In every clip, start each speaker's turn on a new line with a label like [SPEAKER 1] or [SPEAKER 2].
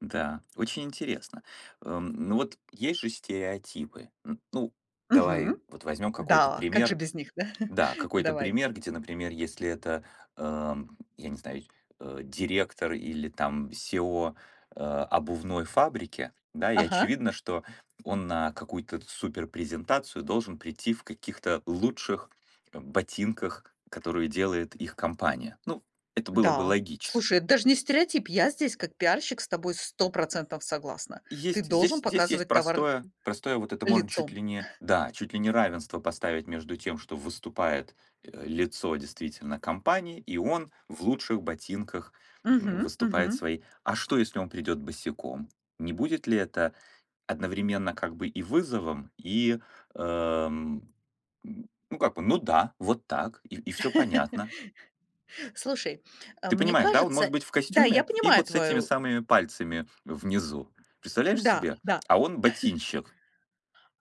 [SPEAKER 1] Да, очень интересно. Эм. Ну вот есть же стереотипы. М ну, давай
[SPEAKER 2] Мгм.
[SPEAKER 1] вот возьмём какой-то
[SPEAKER 2] Да. Как же
[SPEAKER 1] пример.
[SPEAKER 2] без них, да.
[SPEAKER 1] Да, какой-то
[SPEAKER 2] Давай.
[SPEAKER 1] пример, где, например, если это, эм, я не знаю, сь э, директор или, там, CEO, э, обувной фабрики, да, и
[SPEAKER 2] Ага.
[SPEAKER 1] очевидно, что он на какую-то т суперпрезентацию должен прийти в каких-то лучших, э, ботинках, которые делает их компания. Ну, это было бы
[SPEAKER 2] Да.
[SPEAKER 1] логично.
[SPEAKER 2] Слушай, это даже не стереотип, я здесь как пиарщик с тобой 100 % согласна.
[SPEAKER 1] И
[SPEAKER 2] Ты
[SPEAKER 1] есть
[SPEAKER 2] должен
[SPEAKER 1] здесь здесь есть
[SPEAKER 2] показывать товар
[SPEAKER 1] простое простое вот это можно чуть
[SPEAKER 2] лицом.
[SPEAKER 1] ли не да, чуть ли не равенство поставить между тем, что выступает, э, лицо, действительно, компании и он в лучших ботинках, м,
[SPEAKER 2] Мгм.
[SPEAKER 1] выступает
[SPEAKER 2] Мгм.
[SPEAKER 1] своей а что, если он придёт босиком? Не будет ли это одновременно как бы и вызовом, и, эм, м, ну как бы, ну да, вот так и и всё понятно.
[SPEAKER 2] Слушай, э,
[SPEAKER 1] Ты
[SPEAKER 2] мне
[SPEAKER 1] понимаешь, да, он
[SPEAKER 2] кажется
[SPEAKER 1] может быть в
[SPEAKER 2] да, я
[SPEAKER 1] костюме и
[SPEAKER 2] понимаю
[SPEAKER 1] вот с этими
[SPEAKER 2] твою
[SPEAKER 1] самыми пальцами внизу. Представляешь
[SPEAKER 2] да,
[SPEAKER 1] себе?
[SPEAKER 2] да.
[SPEAKER 1] А он ботинщик.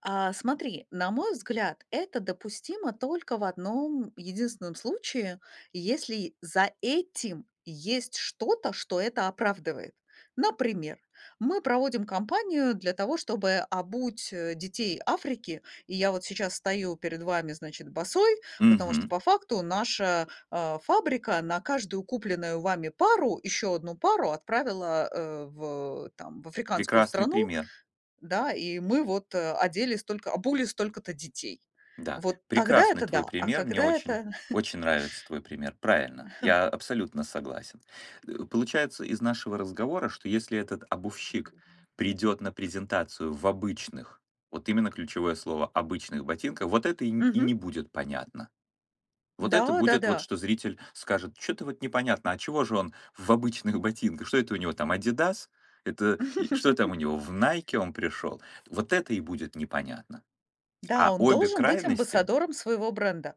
[SPEAKER 2] А. Смотри, на мой взгляд, это допустимо только в одном единственном случае: если за этим есть что-то, что это оправдывает. Например, мы проводим компанию для того, чтобы обуть, э, детей Африки. И я вот сейчас стою перед вами, значит, босой. Потому что
[SPEAKER 1] Мгм.
[SPEAKER 2] по факту наша, э, фабрика на каждую купленную вами пару ещё одну пару отправила, э, в там, в африканскую
[SPEAKER 1] Прекрасный
[SPEAKER 2] страну.
[SPEAKER 1] пример.
[SPEAKER 2] Да. И мы вот, э, одели столько обули столько-то детей.
[SPEAKER 1] Да.
[SPEAKER 2] Вот тогда,
[SPEAKER 1] Прекрасный
[SPEAKER 2] это да,
[SPEAKER 1] твой
[SPEAKER 2] а
[SPEAKER 1] пример. Мне
[SPEAKER 2] когда
[SPEAKER 1] очень
[SPEAKER 2] это
[SPEAKER 1] очень нравится твой пример. Правильно, я абсолютно согласен. Э, получается из нашего разговора, что если этот обувщик придет на презентацию в обычных, вот именно ключевое слово, обычных ботинках, вот это и н и не
[SPEAKER 2] Мгм.
[SPEAKER 1] будет понятно. Вот это
[SPEAKER 2] Да.
[SPEAKER 1] будет вот,
[SPEAKER 2] Да-да.
[SPEAKER 1] что зритель скажет: "Чё-то вот непонятно, а чего же он в обычных ботинках? Что это у него там" Адидас "Это и что там у него, в" Найке "он пришел?" Вот это и будет непонятно.
[SPEAKER 2] Да,
[SPEAKER 1] А
[SPEAKER 2] он
[SPEAKER 1] обе
[SPEAKER 2] должен быть
[SPEAKER 1] крайности
[SPEAKER 2] амбассадором своего бренда.